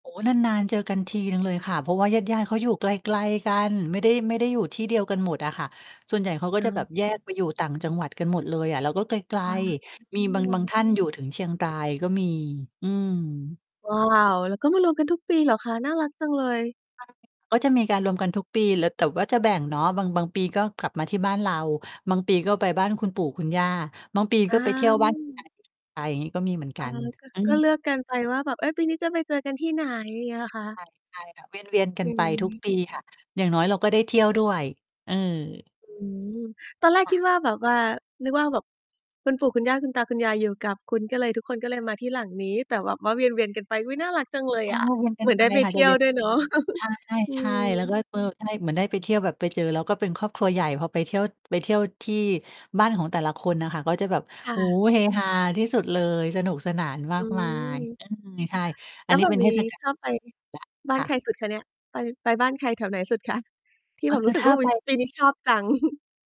โอ้โฮ! นาน ๆ เจอกันทีหนึ่งเลยค่ะ เพราะว่าญาติ ๆ เขาอยู่ไกล ๆ กัน ไม่ได้ ไม่ได้อยู่ที่เดียวกันหมดอะค่ะ ส่วนใหญ่เขาก็อะจะฮแบะ บแยกไปอยู่ต่างจังหวัดกันหมดเลยอะ แล้วก็ไกล อ๋ๆ มีบาง บางอ ท่านอยู่ถึงเชียงรายก็มี อืม ว้าว! แล้วก็มารวมกันทุกปีเหรอคะ? น่ารักจังเลย [unintelligible] ก็จะมีการรวมกันทุกปี แล้วแต่ว่าจะแบ่งเนาะ บาง บางปีก็กลับมาที่บ้านเรา บางปีก็ไปบ้านคุณปู่คุณย่า บางปีอก็ไปเที่ยวบ้าน า [unintelligible] [unintelligible] งี้ ก็มีเหมือนเอกอ ัน ก็ อืก็เม ลือกกันไปว่าแบบ เฮ้ย ปีนี้จะไปเจอกันที่ไหน เงี้ยเหรอคะ? ใช่ ใช่ค่ะ เวียน เวียน กัอืนไปทุกม ปี ค่ะ อย่างน้อยเราก็ได้เที่ยวด้วย เออ อืม ตอนแรกค่คิดะ ว่าแบบว่า นึกว่าแบบ คุณปู่ คุณย่า คุณตา คุณยาย อยู่กับคุณ ก็เลย ทุกคนก็เลยมาที่หลังนี้ แต่แบบว่าเวียน ๆ กันไป อุ๊ย น่ารักจังเลย อ๋อ อะ เวียนกเัหนมือนไไปด้ไปค่ะ เทจีะ่ยเววียน ด้วยเนาะ ใช่ อืใช่ แล้วม ก็ เออ ใช่ เหมือนได้ไปเที่ยว แบบไปเจอแล้วก็เป็นครอบครัวใหญ่ พอไปเที่ยว ไปเที่ยวที่ บ้านของแต่ละคนน่ะค่ะ ก็จะแบบ ค่โอ้ะ โฮ เฮฮาที่สุดเลย สนุกสนานมอาืกมาย ม อืม ใช่ ค่ะ อแัล้นวนีแ้บเปบ็นเนที้ศ กาชล อบไป [unintelligible] บ้าคน่ใคระ สุดคะเนี่ย? ไป ไปบ้านใครแถวไหนสุดคะ? ที่เอแอ บบรู้สึถก้ว่า า อุไ๊ป ย ปีนี้ชอบจัง